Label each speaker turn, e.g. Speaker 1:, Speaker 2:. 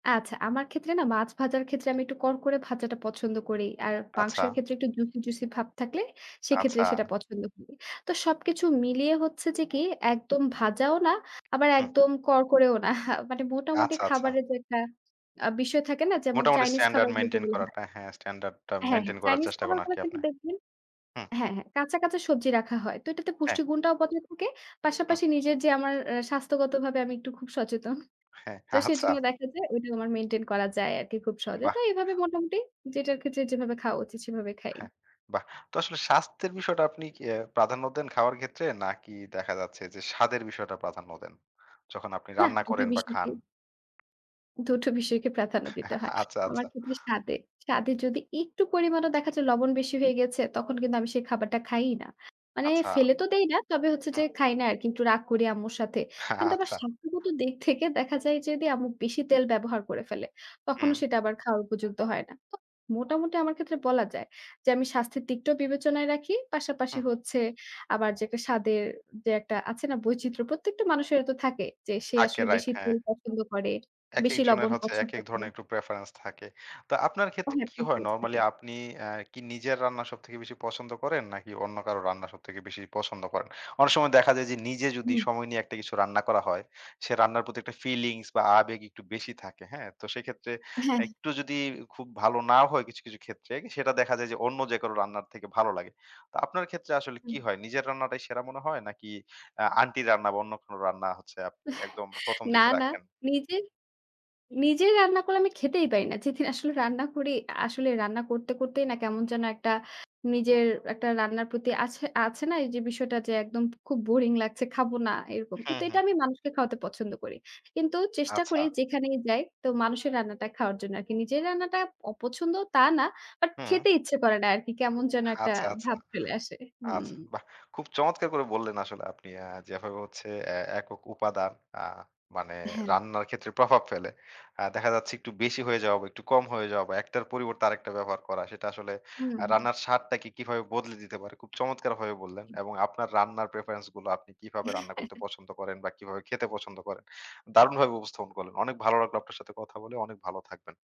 Speaker 1: আচ্ছা, আমার ক্ষেত্রে না মাছ ভাজার ক্ষেত্রে আমি একটু করকরে ভাজাটা পছন্দ করি। আর
Speaker 2: আচ্ছা।
Speaker 1: মাংসের ক্ষেত্রে একটু জুসি, জুসি ভাব থাকলে সেক্ষেত্রে
Speaker 2: আচ্ছা।
Speaker 1: সেটা পছন্দ করি। তো সবকিছু মিলিয়ে হচ্ছে যে কি একদম ভাজাও না, আবার
Speaker 2: হুম।
Speaker 1: একদম করকরেও না। মানে মোটামুটি
Speaker 2: আচ্ছা, আচ্ছা।
Speaker 1: খাবারের যে একটা আ বিষয় থাকে না? যেমন
Speaker 2: মোটামুটি
Speaker 1: চাইনিজ
Speaker 2: স্ট্যান্ডার্ড
Speaker 1: খাবারগুলো
Speaker 2: মেইনটেইন
Speaker 1: যেগুলো হয়।
Speaker 2: করাটা। হ্যাঁ, স্ট্যান্ডার্ড টা
Speaker 1: হ্যাঁ, হ্যাঁ।
Speaker 2: মেইনটেইন করার
Speaker 1: চাইনিজ
Speaker 2: চেষ্টা করেন
Speaker 1: খাবারগুলো
Speaker 2: আরকি
Speaker 1: কিন্তু
Speaker 2: আপনার।
Speaker 1: দেখবেন
Speaker 2: হুম।
Speaker 1: হ্যাঁ, হ্যাঁ কাঁচা, কাঁচা সবজি রাখা হয়। তো এটাতে
Speaker 2: হ্যাঁ।
Speaker 1: পুষ্টিগুণটাও বজায় থাকে।
Speaker 2: হুম।
Speaker 1: পাশাপাশি নিজের যে আমার আ স্বাস্থ্যগতভাবে আমি একটু খুব সচেতন।
Speaker 2: হ্যাঁ,
Speaker 1: তো
Speaker 2: আচ্ছা।
Speaker 1: সেজন্য দেখা যায়, ওটা আমার মেইনটেইন করা যায় আরকি খুব সহজে। তো
Speaker 2: বাহ!
Speaker 1: এভাবে মোটামুটি যেটার ক্ষেত্রে যেভাবে খাওয়া উচিত সেভাবে খাই।
Speaker 2: হ্যাঁ বাহ! তো আসলে স্বাস্থ্যের বিষয়টা আপনি কি অ্যা প্রাধান্য দেন খাওয়ার ক্ষেত্রে? নাকি দেখা যাচ্ছে যে, স্বাদের বিষয়টা প্রাধান্য দেন? যখন আপনি
Speaker 1: নাহ
Speaker 2: রান্না
Speaker 1: দুটো
Speaker 2: করেন বা
Speaker 1: বিষয়কে
Speaker 2: খান?
Speaker 1: দুটো বিষয়কে প্রাধান্য দিতে হয়।
Speaker 2: আচ্ছা,
Speaker 1: আমার
Speaker 2: আচ্ছা।
Speaker 1: ক্ষেত্রে স্বাদে। স্বাদে যদি একটু পরিমাণও দেখা যায়, লবণ বেশি হয়ে গেছে, তখন কিন্তু আমি সেই খাবারটা খাই-ই না। মানে
Speaker 2: আচ্ছা।
Speaker 1: ফেলে তো দেই না। তবে হচ্ছে যে
Speaker 2: হুম।
Speaker 1: খাই না আরকি। একটু রাগ করি আম্মুর সাথে।
Speaker 2: হ্যাঁ,
Speaker 1: কিন্তু আমার
Speaker 2: আচ্ছা।
Speaker 1: স্বাস্থ্যগত দিক থেকে দেখা যায় যদি আম্মু বেশি তেল ব্যবহার করে। তখনো
Speaker 2: হুম।
Speaker 1: সেটা আবার খাওয়ার উপযুক্ত হয় না। মোটামুটি আমার ক্ষেত্রে বলা যায় যে, আমি স্বাস্থ্যের দিকটাও বিবেচনায় রাখি। পাশাপাশি
Speaker 2: হুম।
Speaker 1: হচ্ছে আবার যেটা স্বাদের যে একটা আছে না বৈচিত্র্য। প্রত্যেকটা মানুষেরও তো থাকে যে, সে
Speaker 2: থাকে
Speaker 1: আসলে
Speaker 2: রাইট
Speaker 1: বেশি
Speaker 2: হ্যাঁ।
Speaker 1: তেল পছন্দ করে।
Speaker 2: একেক
Speaker 1: বেশি
Speaker 2: জনের
Speaker 1: লবণ
Speaker 2: হচ্ছে
Speaker 1: পছন্দ
Speaker 2: একেক
Speaker 1: করে।
Speaker 2: ধরনের একটু প্রেফারেন্স থাকে। তো আপনার ক্ষেত্রে কি হয় নরমালি
Speaker 1: [unintelligible]
Speaker 2: আপনি অ্যা কি নিজের রান্না সবথেকে বেশি পছন্দ করেন? নাকি অন্য কারো রান্না সবথেকে বেশি পছন্দ করেন? অনেক সময় দেখা যায় যে, নিজে যদি
Speaker 1: হুম।
Speaker 2: সময় নিয়ে একটা কিছু রান্না করা হয় সে রান্নার প্রতি একটা ফিলিংস বা আবেগ একটু বেশি থাকে। হ্যাঁ? তো সেক্ষেত্রে
Speaker 1: হ্যাঁ।
Speaker 2: একটু যদি খুব ভালো না হয় কিছু, কিছু ক্ষেত্রে সেটা দেখা যায় যে, অন্য যে কারো রান্নার থেকে ভালো লাগে। তো আপনার ক্ষেত্রে আসলে কি
Speaker 1: হুম।
Speaker 2: হয়? নিজের রান্নাটাই সেরা মনে হয় নাকি আ আন্টি রান্না বা অন্য কোনো রান্না হচ্ছে আপনি একদম ১ম
Speaker 1: না,
Speaker 2: দিকে
Speaker 1: না,
Speaker 2: রাখেন?
Speaker 1: নিজে নিজে রান্না করলে আমি খেতেই পারি না। যেদিন আসলে রান্না করি আসলে রান্না করতে, করতেই না কেমন যেন একটা নিজের একটা রান্নার প্রতি আছে, আছে না এই যে বিষয়টা যে একদম খুব বোরিং লাগছে। খাবো না এরকম।
Speaker 2: হুম,
Speaker 1: কিন্তু এটা
Speaker 2: হুম।
Speaker 1: আমি মানুষকে খাওয়াতে পছন্দ করি। কিন্তু চেষ্টা
Speaker 2: আচ্ছা।
Speaker 1: করি যেখানেই যাই তো মানুষের রান্নাটা খাওয়ার জন্য আরকি। নিজের রান্নাটা অপছন্দ তা না। বাট
Speaker 2: হুম।
Speaker 1: খেতে ইচ্ছে করে না আরকি। কেমন যেন একটা
Speaker 2: আচ্ছা, আচ্ছা।
Speaker 1: ভাব ফেলে আসে, হুম।
Speaker 2: আচ্ছা বাহ! খুব চমৎকার করে বললেন আসলে আপনি আ যেভাবে হচ্ছে এ একক উপাদান আ মানে
Speaker 1: হ্যাঁ।
Speaker 2: রান্নার ক্ষেত্রে প্রভাব ফেলে আ দেখা যাচ্ছে, একটু বেশি হয়ে যাওয়া বা একটু কম হয়ে যাওয়া বা একটার পরিবর্তে আরেকটা ব্যবহার করা, সেটা আসলে
Speaker 1: হুম।
Speaker 2: রান্নার স্বাদটাকে কিভাবে বদলে দিতে পারে, খুব চমৎকারভাবে বললেন এবং আপনার রান্নার প্রেফারেন্স গুলো আপনি কিভাবে রান্না করতে পছন্দ করেন বা কিভাবে খেতে পছন্দ করেন। দারুণভাবে উপস্থাপন করলেন। অনেক ভালো লাগলো আপনার সাথে কথা বলে, অনেক ভালো থাকবেন।